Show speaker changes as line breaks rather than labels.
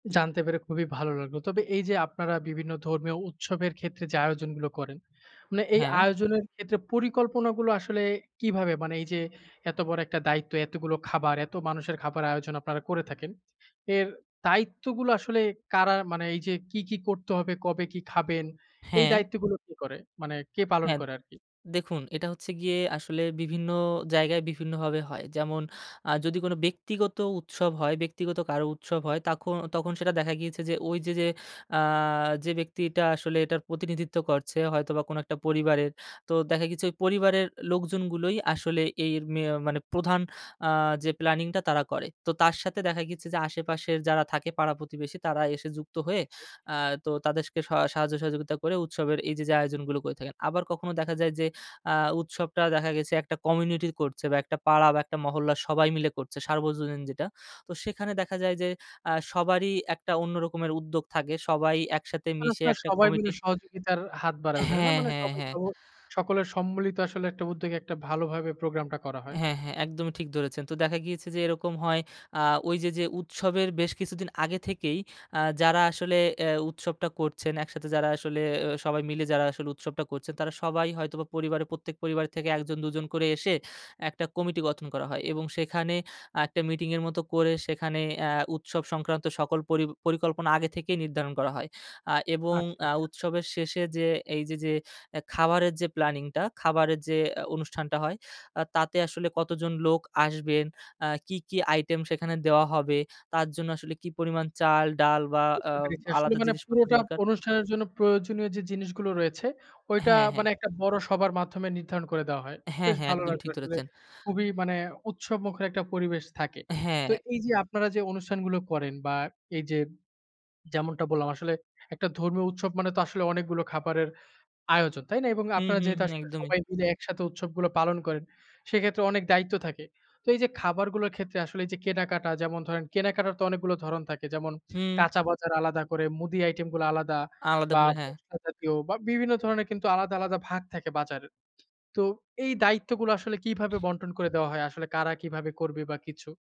জানতে পেরে খুবই ভালো লাগলো! তবে এইযে আপনারা বিভিন্ন ধর্মীয় উৎসবের ক্ষেত্রে যে আয়োজনগুলো করেন, মানে এই
হ্যাঁ।
আয়োজনের ক্ষেত্রে পরিকল্পনাগুলো আসলে কিভাবে? মানে এইযে এত বড় একটা দায়িত্ব, এতগুলো খাবার, এত মানুষের খাবার আয়োজন আপনারা করে থাকেন। এর দায়িত্বগুলো আসলে কারা মানে এইযে কি, কি করতে হবে, কবে কি খাবেন, এই
হ্যাঁ।
দায়িত্বগুলো কে করে? মানে কে পালন
হ্যাঁ,
করে আরকি।
দেখুন এটা হচ্ছে গিয়ে আসলে বিভিন্ন জায়গায় বিভিন্নভাবে হয়। যেমন আ যদি কোন ব্যক্তিগত উৎসব হয় ব্যক্তিগত কারো উৎসব হয়, তাখ তখন সেটা দেখা গিয়েছে যে ওই যে, যে আ যে ব্যক্তিটা আসলে এটার প্রতিনিধিত্ব করছে, হয়তোবা কোন একটা পরিবারের। তো দেখা গিয়েছে ওই পরিবারের লোকজনগুলোই আসলে এই মে আ মানে প্রধান আ যে প্ল্যানিংটা তারা করে। তো তার সাথে দেখা গেছে যে, আশেপাশের যারা থাকে পাড়া প্রতিবেশী, তারা এসে যুক্ত হয়ে
জি, জি।
আ তো তাদেরকে স সাহায্য সহযোগিতা করে, উৎসবের এইযে, যে আয়োজনগুলো করে থাকেন। আবার কখনো দেখা যায় যে আ উৎসবটা দেখা গেছে একটা কমিউনিটি করছে বা একটা পাড়া বা একটা মহল্লা সবাই মিলে করছে, সার্বজনীন যেটা। তো সেখানে দেখা যায় যে আ সবারই একটা অন্য রকমের উদ্যোগ থাকে। সবাই একসাথে মিশে
অনেকটা
একটা
সবাই মিলে
কমিটি
সহযোগিতার হাত বাড়ায় ওইখানে না?
হ্যাঁ,
মানে
হ্যাঁ,
সবাই
হ্যাঁ।
সহ সকলের সম্মিলিত আসলে একটা উদ্যোগে একটা ভালোভাবে প্রোগ্রামটা করা হয়।
হ্যাঁ, হ্যাঁ, একদমই ঠিক ধরেছেন। তো দেখা গিয়েছে যে, এরকম হয় আ ওই যে, যে উৎসবের বেশ কিছুদিন আগে থেকেই, আ যারা আসলে এ উৎসবটা করছেন একসাথে যারা আসলে এ সবাই মিলে যারা আসলে উৎসবটা করছেন, তারা সবাই হয়তোবা পরিবারে প্রত্যেক পরিবার থেকে একজন দুজন করে এসে একটা কমিটি গঠন করা হয় এবং সেখানে একটা মিটিং এর মতো করে সেখানে আ উৎসব সংক্রান্ত সকল পরি পরিকল্পনা আগে থেকেই নির্ধারণ করা হয়। আ এবং
আচ্ছা,
আ
আচ্ছা।
উৎসবের শেষে যে এইযে যে এ খাবারের যে প্ল্যানিংটা, খাবারের যে আ অনুষ্ঠানটা হয়, আ তাতে আসলে কতজন লোক আসবেন, আ কি, কি আইটেম সেখানে দেওয়া হবে, তার জন্য আসলে কি পরিমাণ চাল, ডাল বা আ
বুঝতে পেরেছি। আসলে
আলাদা
মানে
জিনিসপত্র
পুরোটা
দরকার
অনুষ্ঠানের জন্য প্রয়োজনীয় যে জিনিসগুলো রয়েছে, ওইটা
হ্যাঁ, হ্যাঁ।
মানে একটা বড় সভার মাধ্যমে নির্ধারণ করে দেওয়া হয়।
হ্যাঁ,
বেশ
হ্যাঁ।
ভালো
একদম
লাগবে
ঠিক
আসলে
ধরেছেন।
খুবই মানে উৎসবমুখর একটা পরিবেশ থাকে। তো
হ্যাঁ।
এইযে আপনারা যে অনুষ্ঠানগুলো করেন বা, এইযে যেমনটা বললাম আসলে, একটা ধর্মীয় উৎসব মানে তো আসলে অনেকগুলো খাবারের আয়োজন, তাই না? এবং
হু,
আপনারা
হু,
যেহেতু
হু।
আসলে
একদমই।
সবাই মিলে একসাথে উৎসবগুলো পালন করেন, সেক্ষেত্রে অনেক দায়িত্ব থাকে। তো এইযে খাবারগুলোর ক্ষেত্রে আসলে এইযে কেনাকাটা যেমন ধরেন কেনাকাটার তো অনেকগুলো ধরণ থাকে। যেমন
হুম।
কাঁচা বাজার আলাদা করে, মুদি আইটেমগুলো আলাদা
আলাদা
বা
করে। হ্যাঁ।
মসলা জাতীয় বা বিভিন্ন ধরনের কিন্তু আলাদা, আলাদা ভাগ থাকে বাজারের। তো এই দায়িত্বগুলো আসলে কিভাবে বণ্টন করে দেওয়া হয়? আসলে কারা কিভাবে করবে বা কিছু?